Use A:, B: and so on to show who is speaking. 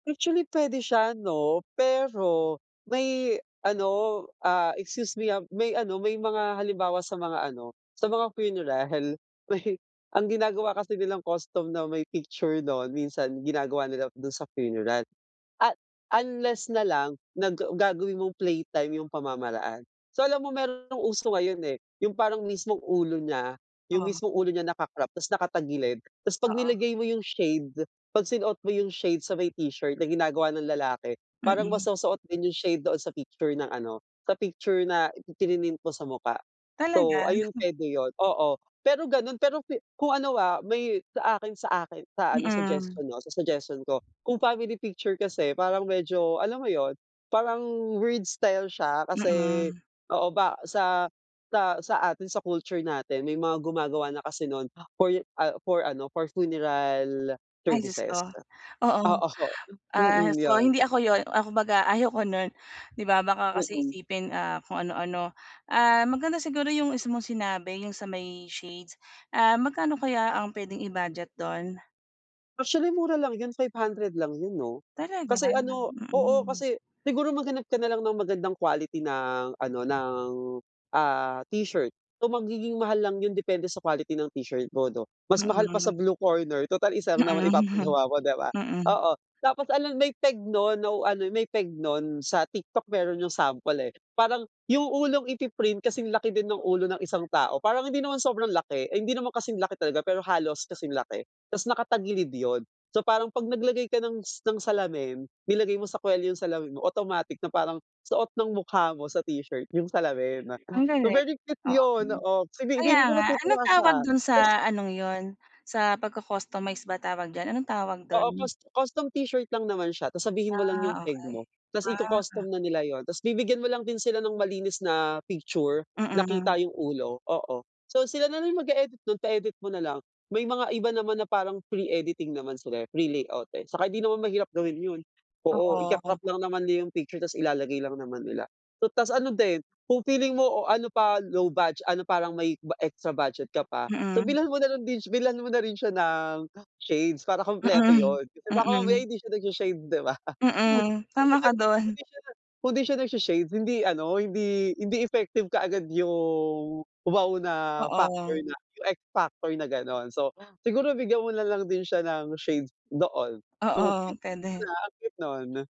A: Actually pwede siya 'no pero, may ano, ah, excuse me, ah, may ano, may mga halimbawa sa mga ano, sa mga funeral. May ang ginagawa kasi nilang custom na may picture 'non minsan ginagawa nila dun sa funeral. At unless nalang nag gagawin mong playtime yung pamamaraan. So alam mo meron ng uso ngayon eh, yung parang mismong ulo niya, yung
B: Oh.
A: mismong ulo niya naka-crop tas naka-tagilid 'tas pag
B: Oo.
A: nilagay mo yung shade, pag sinuot mo yung shade sa may t-shirt na ginagawa ng lalaki, parang
B: Mm.
A: masosoot din yung shade doon sa picture ng ano, sa picture na prinint mo sa mukha. So,
B: Talaga?
A: ayun pwede yun, oo. pero ganun pero kung ano, ah, may sa akin sa akin sa ano
B: Mm.
A: suggestion 'no, sa suggestion ko, kung family picture kasi parang medyo alam mo yun, parang weird style siya kasi
B: Mm.
A: oo ba sa sa sa atin sa culture natin may mga gumagawa na kasi nun for, ah, for ano, for funeral
B: Ay Diyos
A: services,
B: ko, oo,
A: oo.
B: ah,
A: Mm,
B: so
A: yun.
B: hindi ako 'yon, ah, kumbaga ayoko no'n 'di ba baka kasi
A: Mm.
B: isipin, ah, kung ano-ano. Ah, maganda siguro 'yong isa mong sinabi, 'yong sa may shades, ah, magkano kaya ang pwedeng i-budget do'n?
A: Actually, mura lang yun, 500 lang yun 'no.
B: Talaga?
A: Kasi ano oo
B: Mm.
A: kasi siguro maghanap ka na lang ng magandang quality ng ano, ng, ah, t-shirt. So magiging mahal lang yun depende sa quality ng t-shirt mo 'no. Mas mahal pa sa
B: Mm.
A: Blue Corner tutal isa lang naman
B: Mm.
A: ipapagawa mo 'di ba?
B: Mm.
A: Oo, tapos alam may peg non ano, may peg nun sa TikTok meron yung sample eh. Parang, yung ulong ipi-print kasing laki din ng ulo ng isang tao parang hindi naman sobrang laki, ay hindi naman kasing laki talaga pero halos kasing laki 'tas nakatagilid yun. So parang pag nag-lagay ka ng s ng salamin, nilagay mo sa kwelyo yung salamin mo automatic na parang suot ng mukha mo sa t-shirt yung salamin,
B: Ang
A: so
B: galing,
A: very cute
B: oo,
A: yun oo, fi
B: kaya
A: feeling ko
B: nga
A: matutuwa
B: anong tawag
A: siya
B: dun
A: tas
B: sa anong yun sa pagco-customize ba tawag diyan, anong tawag
A: Oo,
B: dun?
A: cus custom t-shirt lang naman siya, tapos sabihin mo lang yung
B: Ah,
A: peg
B: okey.
A: mo 'tas
B: Ah.
A: iko-custom na nila yun, 'tas bibigyan mo lang din sila ng malinis na picture, na kita
B: Mm.
A: yung ulo, oo. So sila na rin mag-eedit nun, pa-edit mo nalang may mga iba naman na parang free editing naman sila eh, free layout eh, saka hindi naman mahirap gawin yun oo,
B: Oo.
A: ikaka-crop lang naman yung picture 'tas ilalagay lang naman nila, so tas ano din, kung feeling mo o ano pa, low budget ano parang may extra budget ka pa, so
B: Mm.
A: bilhan mo na din bilhan mo na rin siya ng shades para kumpleto
B: Mm,
A: yun, kasi baka mamaya
B: mm.
A: hindi siya nag-sha-shade 'di ba.
B: Mm, tama ka
A: Kung
B: dun.
A: di siya hindi siya na kundi siya nag-sha-shades hindi ano, hindi, hindi effective kaagad yung wow na factor
B: Oo.
A: na X Factor na ganon so, siguro bigyan mo na lang din siya ng shades doon, so
B: Oo,
A: cute
B: pwede.
A: ang cute 'non.